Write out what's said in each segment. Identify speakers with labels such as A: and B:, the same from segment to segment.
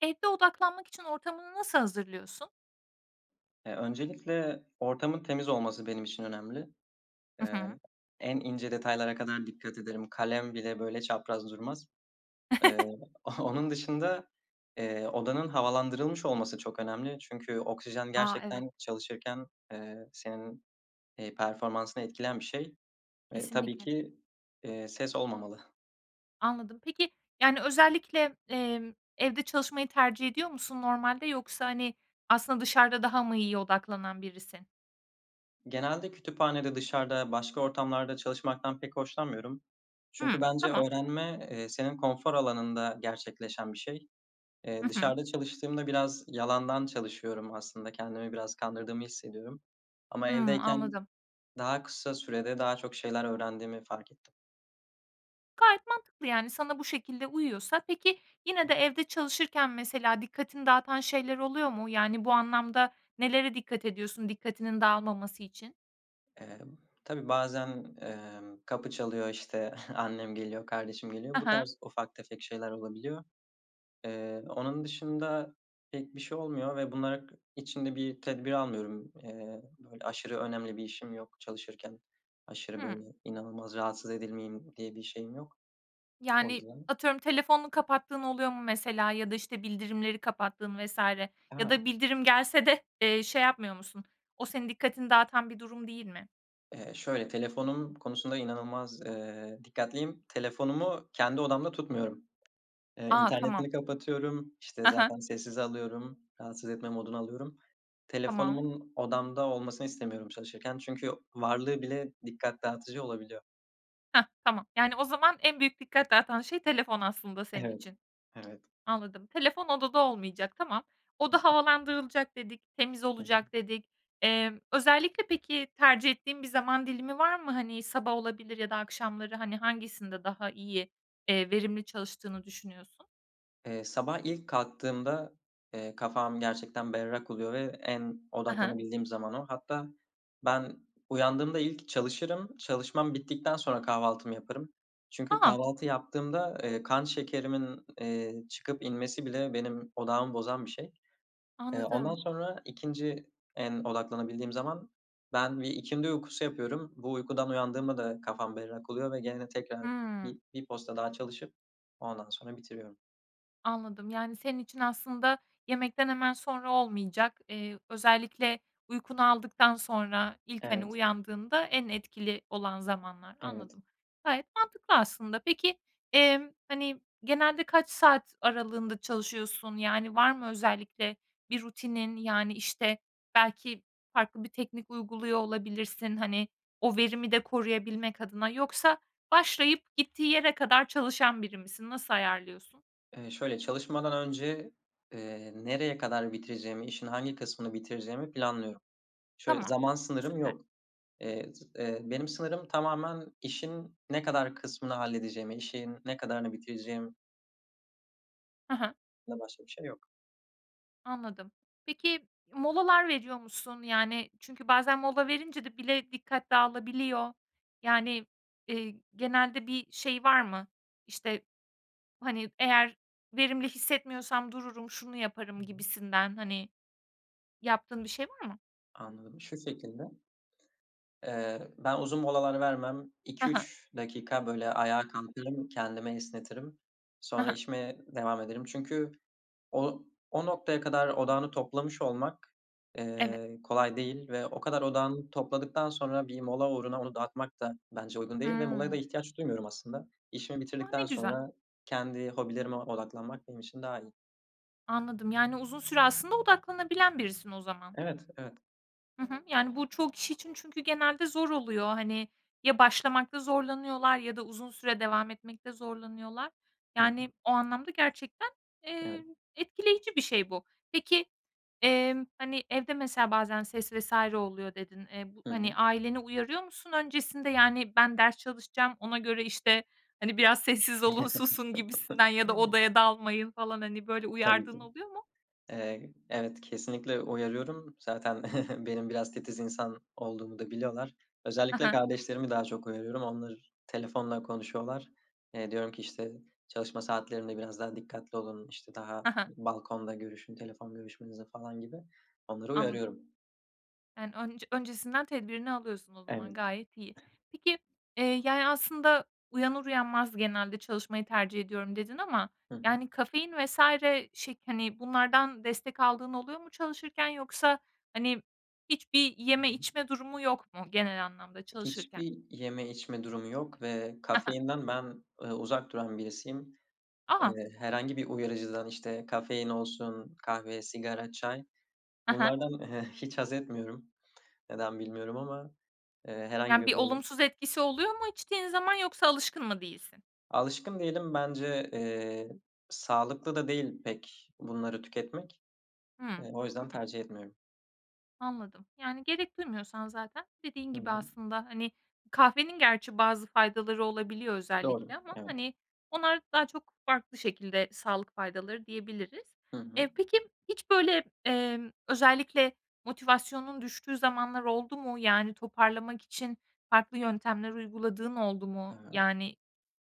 A: Evde odaklanmak için ortamını nasıl hazırlıyorsun?
B: Eee, öncelikle ortamın temiz olması benim için önemli.
A: Hı
B: Eee,
A: hı.
B: en ince detaylara kadar dikkat ederim. Kalem bile böyle çapraz durmaz. Eee, onun dışında, eee, odanın havalandırılmış olması çok önemli. Çünkü oksijen
A: A, evet.
B: gerçekten çalışırken, eee, senin, eee, performansını etkileyen bir şey ve tabii
A: Kesinlikle.
B: ki, eee, ses olmamalı.
A: Anladım. Peki, yani, özellikle, emm, evde çalışmayı tercih ediyor musun normalde, yoksa, hani, aslında dışarıda daha mı iyiye odaklanan birisin?
B: Genelde kütüphanede, dışarıda başka ortamlarda çalışmaktan pek hoşlanmıyorum
A: Hıı,
B: çünkü bence
A: tamam.
B: öğrenme, eee, senin konfor alanında gerçekleşen bir şey.
A: Hı
B: Eee,
A: hı.
B: dışarıda çalıştığımda biraz yalandan çalışıyorum aslında, kendimi biraz kandırdığımı hissediyorum. Ama
A: Hımm,
B: evdeyken
A: anladım.
B: daha kısa sürede daha çok şeyler öğrendiğimi fark ettim.
A: Gayet mantıklı yani, sana bu şekilde uyuyorsa. Peki, yine de evde çalışırken mesela dikkatini dağıtan şeyler oluyor mu? Yani, bu anlamda nelere dikkat ediyorsun dikkatinin dağılmaması için?
B: Emm, tabii bazen, emm, kapı çalıyor işte annem geliyor, kardeşim
A: Ha
B: geliyor. Bu
A: ha.
B: tarz ufak tefek şeyler olabiliyor. Eee, onun dışında pek bir şey olmuyor ve bunlar k için de bir tedbir almıyorum. Eee, böyle aşırı önemli bir işim yok. Çalışırken aşırı
A: Hıı.
B: böyle, inanılmaz rahatsız edilmeyeyim diye bir şeyim yok. O
A: Yani,
B: yüzden
A: atıyorum, telefonunu kapattığın oluyor mu mesela ya da işte bildirimleri kapattığın vs. ya da
B: A.
A: bildirim gelse de, eee, şey yapmıyor musun? O senin dikkatini dağıtan bir durum değil mi?
B: Eee, şöyle, telefonum konusunda inanılmaz, eee, dikkatliyim. Telefonumu kendi odamda tutmuyorum. Eee,
A: A, tamam.
B: internetini kapatıyorum. İşte
A: Ha ha.
B: zaten sessize alıyorum. Rahatsız etme moduna alıyorum.
A: Tamam.
B: Telefonumun odamda olmasını istemiyorum çalışırken çünkü varlığı bile dikkat dağıtıcı olabiliyor.
A: Heh, tamam. Yani o zaman en büyük dikkat dağıtan şey telefon aslında senin
B: Evet,
A: için.
B: evet.
A: Anladım, telefon odada olmayacak tamam. Oda
B: [unintelligible]
A: havalandırılacak dedik, temiz
B: Hı hı.
A: olacak dedik. Emm, özellikle peki tercih ettiğin bir zaman dilimi var mı? Hani sabah olabilir ya da akşamları hani hangisinde daha iyi, eee, verimli çalıştığını düşünüyorsun?
B: Eee, sabah ilk kalktığımda, eee, kafam gerçekten berrak oluyor ve en
A: Hı hı.
B: odaklanabildiğim zaman o. Hatta ben uyandığımda ilk çalışırım, çalışmam bittikten sonra kahvaltımı yaparım. Çünkü
A: A.
B: kahvaltı yaptığımda, eee, kan şekerimin, eee, çıkıp inmesi bile benim odağımı bozan bir şey. Eee, ondan
A: Anladım.
B: sonra, 2'nci en odaklanabildiğim zaman ben bir ikindi uykusu yapıyorum. Bu uykudan uyandığımda da kafam berrak oluyor ve gene tekrar
A: Hıı.
B: bi 1 posta daha çalışıp, ondan sonra bitiriyorum.
A: Anladım. Yani, senin için aslında yemekten hemen sonra olmayacak. Eee, özellikle uykunu aldıktan sonra ilk, hani,
B: Evet.
A: uyandığında en etkili olan zamanlar.
B: Evet.
A: Anladım, gayet mantıklı aslında. Peki, emm, hani, genelde kaç saat aralığında çalışıyorsun? Yani, var mı özellikle bir rutinin, yani, işte, belki farklı bir teknik uyguluyor olabilirsin, hani, o verimi de koruyabilmek adına. Yoksa başlayıp gittiği yere kadar çalışan biri misin? Nasıl ayarlıyorsun?
B: Eee, şöyle, çalışmadan önce, eee, nereye kadar bitireceğimi, işin hangi kısmını bitireceğimi planlıyorum. Şöyle
A: Tamam.
B: zaman sınırım
A: Süper.
B: yok. Eee, z eee, benim sınırım tamamen işin ne kadar kısmını halledeceğimi, işin ne kadarını bitireceğim.
A: Hı hı.
B: Bundan başka bir şey yok.
A: Anladım. Peki, molalar veriyor musun? Yani, çünkü bazen mola verince de bile dikkat dağılabiliyor. Yani, eee, genelde bir şey var mı? İşte, hani, eğer verimli hissetmiyorsam dururum, şunu yaparım gibisinden, hani, yaptığın bir şey var mı?
B: Anladım. Şu şekilde eee, ben uzun molalar vermem.
A: Hı
B: iki
A: hı.
B: üç dakika, böyle, ayağa kalkarım, kendimi esnetirim.
A: Hı
B: Sonra
A: hı.
B: işime devam ederim çünkü o o noktaya kadar odağını toplamış olmak,
A: Evet.
B: eee, kolay değil ve o kadar odağını topladıktan sonra bir mola uğruna onu dağıtmak da bence uygun değil. Ve molaya da
A: Hıı.
B: ihtiyaç duymuyorum aslında. İşimi
A: A. Ne
B: bitirdikten
A: güzel.
B: sonra kendi hobilerime odaklanmak benim için daha iyi.
A: Anladım. Yani, uzun süre aslında odaklanabilen birisin o zaman.
B: Evet, evet.
A: Hı hı, yani, bu çoğu kişi için çünkü genelde zor oluyor. Hani, ya başlamakta zorlanıyorlar ya da uzun süre devam etmekte zorlanıyorlar.
B: Hıı.
A: Yani, o anlamda gerçekten,
B: Evet.
A: eee, etkileyici bir şey bu. Peki, emm, hani, evde mesela bazen ses vs. oluyor dedin. Eee, bu
B: Hı hı.
A: hani, aileni uyarıyor musun öncesinde, yani, ben ders çalışacağım ona göre, işte, hani, biraz sessiz olun, susun gibisinden ya da odaya dalmayın falan. Hani, böyle
B: Tabii ki.
A: uyardığın oluyor mu?
B: Eee, evet, kesinlikle uyarıyorum. Zaten benim biraz titiz insan olduğumu da biliyorlar.
A: Hı
B: Özellikle
A: hı.
B: kardeşlerimi daha çok uyarıyorum. Onlar telefonla konuşuyorlar. Eee, diyorum ki, işte, çalışma saatlerinde biraz daha dikkatli olun. İşte, daha
A: Hı hı.
B: balkonda görüşün, telefon görüşmenizi falan gibi. Onları
A: Anladım.
B: uyarıyorum.
A: Yani, ön öncesinden tedbirini alıyorsun o
B: Evet.
A: zaman gayet iyi. Peki, eee, yani, aslında uyanır uyanmaz genelde çalışmayı tercih ediyorum dedin ama,
B: Hı hı.
A: yani kafein vs. şey, hani, bunlardan destek aldığın oluyor mu çalışırken, yoksa, hani, hiçbir
B: Hı
A: yeme
B: hı.
A: içme durumu yok mu genel anlamda çalışırken?
B: Hiçbir yeme içme durumu yok ve
A: Ha ha.
B: kafeinden ben, ııı, uzak duran birisiyim.
A: A!
B: Eee, herhangı bir uyarıcıdan işte kafein olsun kahve, sigara, çay.
A: Ha ha.
B: Bunlardan, eee, hiç hazetmiyorum. Neden bilmiyorum ama, eee, herhangi
A: Yani,
B: bir
A: bir
B: böyle
A: olumsuz etkisi oluyor mu içtiğin zaman yoksa alışkın mı değilsin?
B: Alışkın değilim bence, eee, sağlıklı da değil pek bunları tüketmek,
A: Hıı.
B: eee, o
A: Hı
B: yüzden
A: hı.
B: tercih etmiyorum.
A: Anladım. Yani, gerek duymuyorsan zaten dediğin
B: Hı
A: gibi
B: hı.
A: aslında, hani, kahvenin gerçi bazı faydaları olabiliyor özellikle
B: Doğru,
A: ama,
B: evet.
A: hani, onlar daha çok farklı şekilde sağlık faydaları diyebiliriz.
B: Hı hı.
A: Eee, peki hiç böyle, emm, özellikle motivasyonun düştüğü zamanlar oldu mu? Yani toparlamak için farklı yöntemler uyguladığın oldu mu?
B: Aaa.
A: Yani,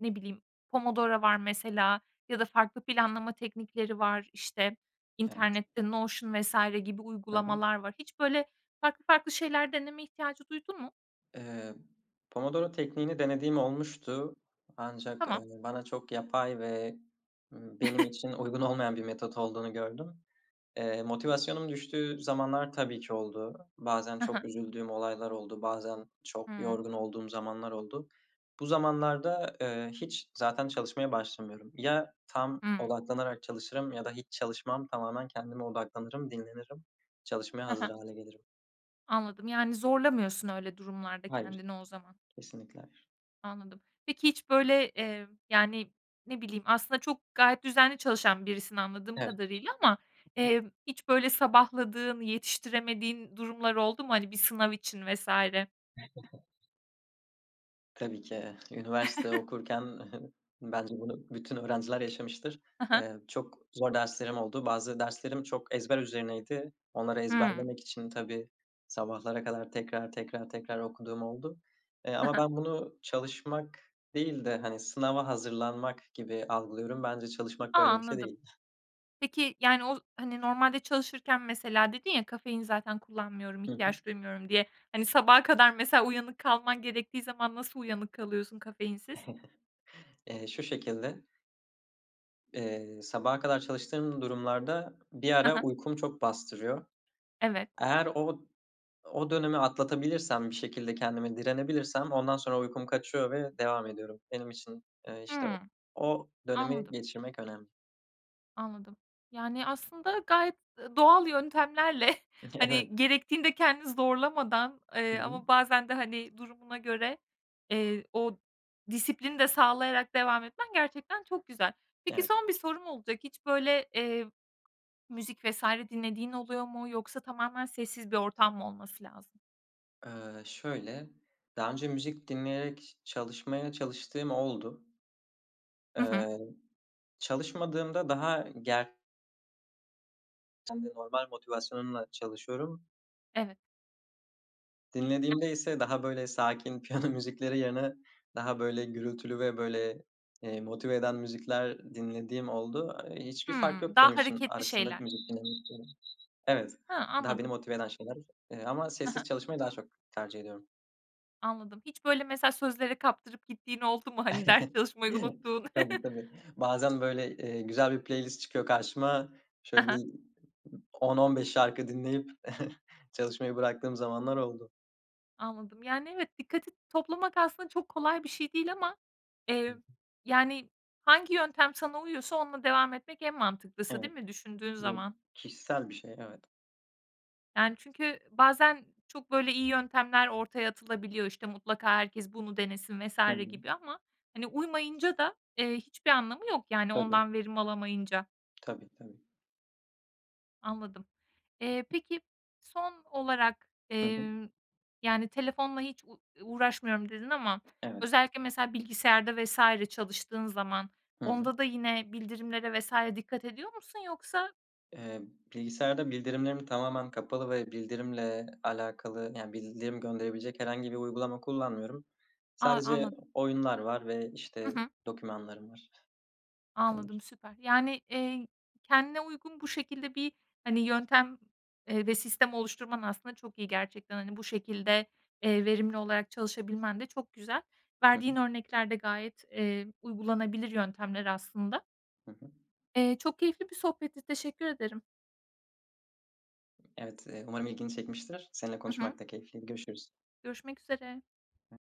A: ne bileyim, Pomodoro var mesela ya da farklı planlama teknikleri var, işte
B: Evet.
A: internette Notion vs. gibi
B: Hı hı.
A: uygulamalar var. Hiç böyle farklı farklı şeyler deneme ihtiyacı duydun mu?
B: Eee, Pomodoro tekniğini denediğim olmuştu, ancak,
A: Tamam.
B: eee, bana çok yapay ve, ımm, benim için uygun olmayan bir metot olduğunu gördüm. Eee, motivasyonum düştüğü zamanlar tabii ki oldu. Bazen
A: Hı hı.
B: çok üzüldüğüm olaylar oldu, bazen çok
A: Hıı.
B: yorgun olduğum zamanlar oldu. Bu zamanlarda, eee, hiç zaten çalışmaya başlamıyorum. Ya tam
A: Hıı.
B: odaklanarak çalışırım ya da hiç çalışmam tamamen kendime odaklanırım, dinlenirim. Çalışmaya
A: Ha
B: hazır
A: ha.
B: hâle gelirim.
A: Anladım. Yani, zorlamıyorsun öyle durumlarda
B: Hayır.
A: kendini o zaman.
B: Kesinlikle hayır.
A: Anladım. Peki hiç, böyle, eee, yani, ne bileyim aslında çok gayet düzenli çalışan birisin anladığım
B: Evet.
A: kadarıyla ama, emm, hiç, böyle, sabahladığın, yetiştiremediğin durumlar oldu mu? Hani, bir sınav için vs.
B: Tabii ki. Eee, üniversite okurken bence bunu bütün öğrenciler yaşamıştır.
A: Hı hı.
B: Eee, çok zor derslerim oldu, bazı derslerim çok ezber üzerineydi. Onları
A: Hımm.
B: ezberlemek için tabii, sabahlara kadar tekrar tekrar tekrar okuduğum oldu. Eee,
A: He
B: ama
A: he.
B: ben bunu çalışmak değil de, hani, sınava hazırlanmak gibi algılıyorum. Bence çalışmak
A: A,
B: böyle bir şey
A: anladım.
B: değil.
A: Peki, yani, o, hani, normalde çalışırken mesela dedin ya, "Kafein zaten kullanmıyorum,
B: Hı hı.
A: ihtiyaç duymuyorum." diye. Hani, sabaha kadar mesela uyanık kalman gerektiği zaman nasıl uyanık kalıyorsun kafeinsiz?
B: Eee, şu şekilde Eee, sabaha kadar çalıştığım durumlarda bir
A: Hı
B: ara
A: hı.
B: uykum çok bastırıyor.
A: Evet.
B: Eğer o o dönemi atlatabilirsem bir şekilde kendime direnebilirsem ondan sonra uykum kaçıyor ve devam ediyorum. Benim için, eee, işte, o
A: Hımm.
B: o dönemi
A: Anladım.
B: geçirmek önemli.
A: Anladım. Yani, aslında, gayet, ııı, doğal yöntemlerle,
B: Evet.
A: hani, gerektiğinde kendini zorlamadan,
B: Hı
A: eee,
B: hı.
A: ama bazen de, hani, durumuna göre, eee, o disiplini de sağlayarak devam etmen gerçekten çok güzel. Peki,
B: Evet.
A: son 1 sorum olacak, hiç böyle, eee, müzik vs. dinlediğin oluyor mu yoksa tamamen sessiz bir ortam mı olması lazım?
B: Iıı, şöyle daha önce müzik dinleyerek çalışmaya çalıştığım oldu.
A: Hı hı.
B: Eee, çalışmadığımda daha ı ger Kendi normal motivasyonumla çalışıyorum.
A: Evet.
B: Dinlediğimde ise daha böyle sakin piyano müzikleri yerine daha böyle gürültülü ve böyle, eee, motive eden müzikler dinlediğim oldu. Eee, hiçbir fark
A: Hımm,
B: yok benim
A: daha
B: için
A: hareketli
B: arasında
A: şeyler.
B: müzik dinlemek Evet,
A: Hıı
B: daha beni
A: anladım.
B: motive eden şeyler, eee, ama
A: Hı hı.
B: sessiz çalışmayı daha çok tercih ediyorum.
A: Anladım. Hiç böyle mesela sözlere kaptırıp gittiğin oldu mu? Hani ders çalışmayı unuttuğun?
B: Tabii tabii. Bazen böyle, eee, güzel bir playlist çıkıyor karşıma.
A: Hı
B: Şöyle
A: hı.
B: bir ı 10-15 şarkı dinleyip çalışmayı bıraktığım zamanlar oldu.
A: Anladım. Yani evet, dikkati toplamak aslında çok kolay bir şey değil ama, eee,
B: [unintelligible]
A: yani hangi yöntem sana uyuyorsa onunla devam etmek en mantıklısı değil
B: Evet,
A: mi düşündüğün
B: bu
A: zaman?
B: kişisel bir şey evet.
A: Yani, çünkü bazen çok böyle iyi yöntemler ortaya atılabiliyor. İşte, mutlaka herkes bunu denesin vs.
B: Hı hı.
A: gibi ama, hani, uymayınca da, eee, hiçbir anlamı yok, yani,
B: Tabii.
A: ondan verim alamayınca.
B: Tabii, tabii.
A: Anladım. Eee, peki, son olarak,
B: Hı hı.
A: emm, yani, telefonla hiç u uğraşmıyorum dedin ama
B: Evet.
A: özellikle mesela bilgisayarda vs. çalıştığın zaman,
B: Hı hı.
A: onda da yine bildirimlere vs. dikkat ediyor musun yoksa?
B: Eee, bilgisayarda bildirimlerim tamamen kapalı ve bildirimle alakalı, yani, bildirim gönderebilecek herhangi bir uygulama kullanmıyorum.
A: A,
B: Sadece
A: anladım.
B: oyunlar var ve,
A: Hı
B: işte,
A: hı.
B: dokümanlarım var. Bu kadar.
A: Anladım, süper. Yani, eee, kendine uygun bu şekilde bir, hani, yöntem, eee, ve sistem oluşturman aslında çok iyi gerçekten. Hani, bu şekilde, eee, verimli olarak çalışabilmen de çok güzel.
B: Hı
A: Verdiğin
B: hı.
A: örnekler de gayet, eee, uygulanabilir yöntemler aslında.
B: Hı hı.
A: Eee, çok keyifli bir sohbetti, teşekkür ederim.
B: Evet, eee, umarım ilgini çekmiştir, seninle
A: Hı hı.
B: konuşmak da keyifliydi, görüşürüz.
A: Görüşmek üzere.